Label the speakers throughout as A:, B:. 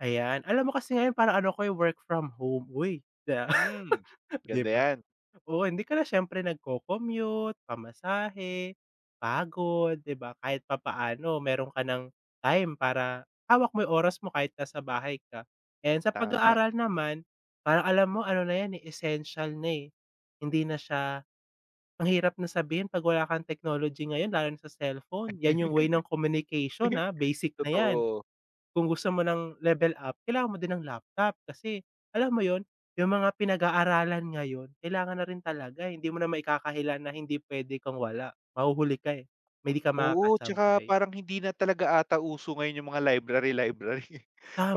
A: Ayan alam mo kasi ngayon parang ano ko'y work from home, uy, di ba?
B: Mm,
A: Di
B: ganda
A: ba,
B: 'yan.
A: oo, hindi ka na siyempre nag-co-commute, pamasahe, pagod, di ba kahit papaano meron ka ng time para hawak mo 'yung oras mo kahit nasa bahay ka. Ayan, sa
B: Tama.
A: pag-aaral naman, parang alam mo ano na 'yan, eh, essential na, eh, hindi na siya ang hirap na sabihin 'pag wala kang technology ngayon lalo na sa cellphone 'yan 'yung way ng communication, ah, basic na 'yan.
B: Totoo.
A: Kung gusto mo ng level up, kailangan mo din ng laptop kasi alam mo 'yun, 'yung mga pinag-aaralan ngayon kailangan na rin talaga, eh, hindi mo na maikakaila na hindi puwede kang wala, mahuhuli ka, eh, hindi di ka
B: Oo, tsaka
A: makakasabay.
B: parang hindi na talaga ata uso ngayon 'yung mga library library,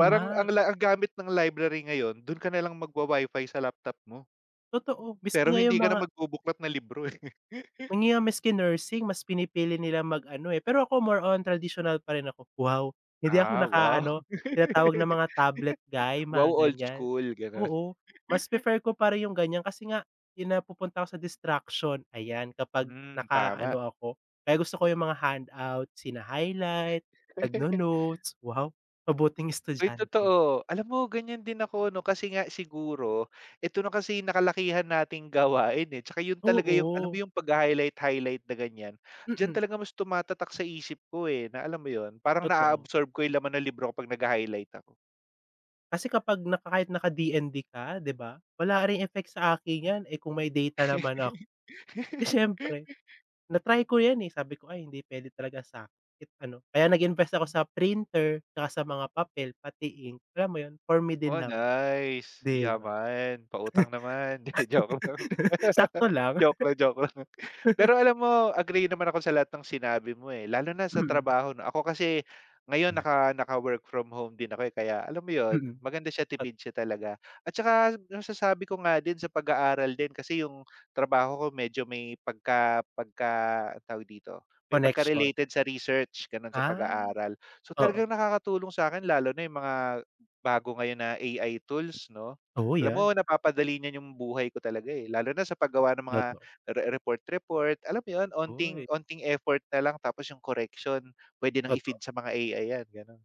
B: parang ano lang ang gamit ng library ngayon, do'n ka nalang magwa WiFi sa laptop mo.
A: Totoo, miski
B: Pero
A: ngayong
B: hindi ka na
A: mga
B: magbubuklat ng libro, eh.
A: 'Yun nga maski nursing mas pinipili nilang mag-ano, eh, pero ako more on traditional pa rin ako, wow. Hindi ako
B: Ah,
A: naka
B: wow.
A: ano tinatawag ng mga tablet guy
B: Wow,
A: mga
B: old
A: ganiyan,
B: school gano'n.
A: oo, mas prefer ko pa rin 'yung ganiyan, kasi nga 'yung napupunta ako sa distraction ayan kapag
B: Hmm, tama.
A: naka-ano ako kaya gusto ko 'yung mga handout, sina highlight, nagno-notes, wow, mabuting
B: Ay
A: estudyante.
B: totoo alam mo ganiyan din ako ano, kasi nga siguro ito na kasi yung nakalakihan nating gawain, eh, tsaka 'yun talaga 'yung alam mo
A: Oo.
B: 'yung pag-ha-highlight highlight na ganiyan, diyan
A: Mm.
B: talaga mas tumatatak sa isip ko, eh, na alam mo 'yun parang
A: Totoo.
B: na-a-absorb ko 'yung laman ng libro ko pag nagha-highlight ako.
A: Kasi kapag na kahit naka DND ka di ba, wala ring effect sa akin 'yan, eh, kung may data naman ako, siyempre na-try ko 'yan, eh, sabi ko ay hindi puwede talaga sa'kin kahit ano, kaya nag-invest ako sa printer tsaka sa mga papel, pati ink, alam mo 'yun for me din
B: Oh,
A: naman,
B: nice
A: di ba?
B: yaman pautang naman, 'di joke lang,
A: Sakto lang.
B: joke lang, joke lang. Pero alam mo, agree naman ako sa lahat ng sinabi mo, eh, lalo na sa
A: Mm.
B: trabaho 'no. Ako kasi ngayon
A: 'Yun nga.
B: naka naka-work from home din ako, eh, kaya alam mo 'yun,
A: Mm,
B: maganda siya,
A: at.
B: tipid siya talaga at saka masasabi ko nga din sa pag-aaral din kasi 'yung trabaho ko medyo may pagka pagka tawag dito, may
A: Connection.
B: pagka-related sa research gano'n sa
A: Ah,
B: pag-aaral. So
A: oo.
B: talagang nakakatulong sa'kin lalo na 'yung mga bago ngayon na AI tools 'no,
A: Oh,
B: alam mo
A: 'yan.
B: napapadali niyan 'yung buhay ko talaga, eh, lalo na sa paggawa ng mga
A: Totoo.
B: re report, report, alam mo 'yun, konting
A: Uy.
B: konting effort nalang tapos 'yung correction, puwede nang
A: Totoo.
B: i-feed sa mga AI 'yan, gano'n.